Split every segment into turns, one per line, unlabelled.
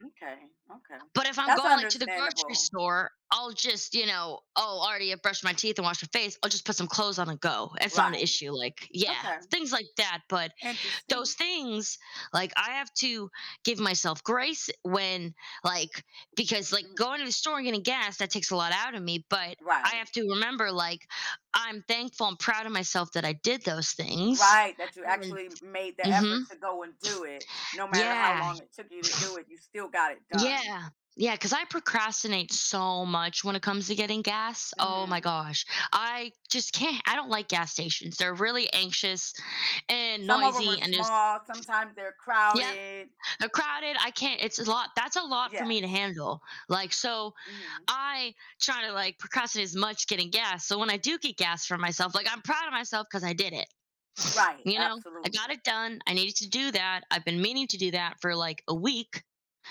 M'kay, okay,
But, if I'm
that's
going, like, to the grocery
understandable.
store, I'll just, you know Oh, already I brushed my teeth, and wash my face, I'll just put some clothes on and go, it's not an
Right.
issue, like yeah,
Okay.
things like that, but those
Interesting.
things, like, I have to give myself grace when, like Because, like,
Mm.
going to the store and getting gas, that takes a lot out of me, but I
Right.
have to remember, like, I'm thankful and proud of myself that I did those things
Right, that you
and
actually made the
mhm.
effort to go and do it, no matter how
Yeah.
long it took you to do it, you still got it done.
Yeah. Yeah, cause I procrastinate so much when it comes to getting gas. Oh my
Mhm.
gosh, I just can't. I don't like gas stations, they're really anxious and
Some of 'em are
noisy, and there's
small, sometimes they're
Yup,
crowded.
they're crowded. I can't, it's a lot that's a lot for me to
Yes.
handle. Like, so
Mhm.
I try to, like, procrastinate as much getting gas, so when I do get gas for myself, like, I'm proud of myself 'cause I did it,
Right,
you know, I got
absolutely.
it done, I needed to do that, I've been meaning to do that for, like, a week,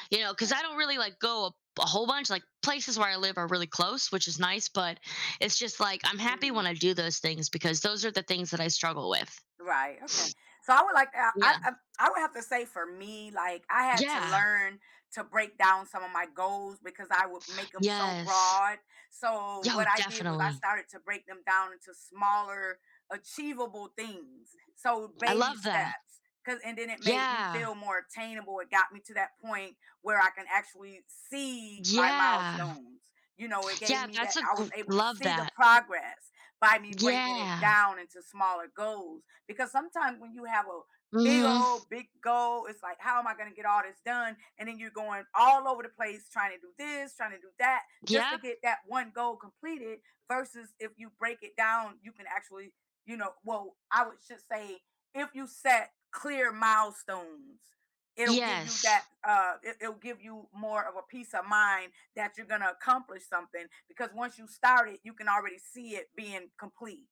you know, 'cause I
Right.
don't really, like, go a bu a whole bunch like, places where I live are really close, which is nice, but it's just, like, I'm happy
Mhm.
when I do those things because those are the things that I struggle with.
Right, okay. So, I would like, uh, I
Yeah.
I I would have to say for me, like, I had to
Yeah.
learn to break down some of my goals because I would make 'em so
Yes.
broad. So,
Yo,
what I did was I
definitely.
started to break them down into smaller achievable things, so
I
baby
love that.
steps, 'cause, and then it made me
Yeah.
feel more attainable, it got me to that point where I can actually see my
Yeah.
milestones, you know, it gave
Yeah,
me
that's
that
a
I
gr
was able to
love
see the
that.
progress by me breaking it
Yeah.
down into smaller goals because sometimes when you have o big
Mhm.
old big goal, it's, like, "How am I gonna get all this done?" And then you're going all over the place trying to do this, trying to do that, just to
Yup.
get that one goal completed versus if you break it down, you can actually, you know, well, I would just say, if you set clear milestones, it'll give you that
Yes.
uh, it it'll give you more of a peace of mind that you're gonna accomplish something because once you start it, you can already see it being complete.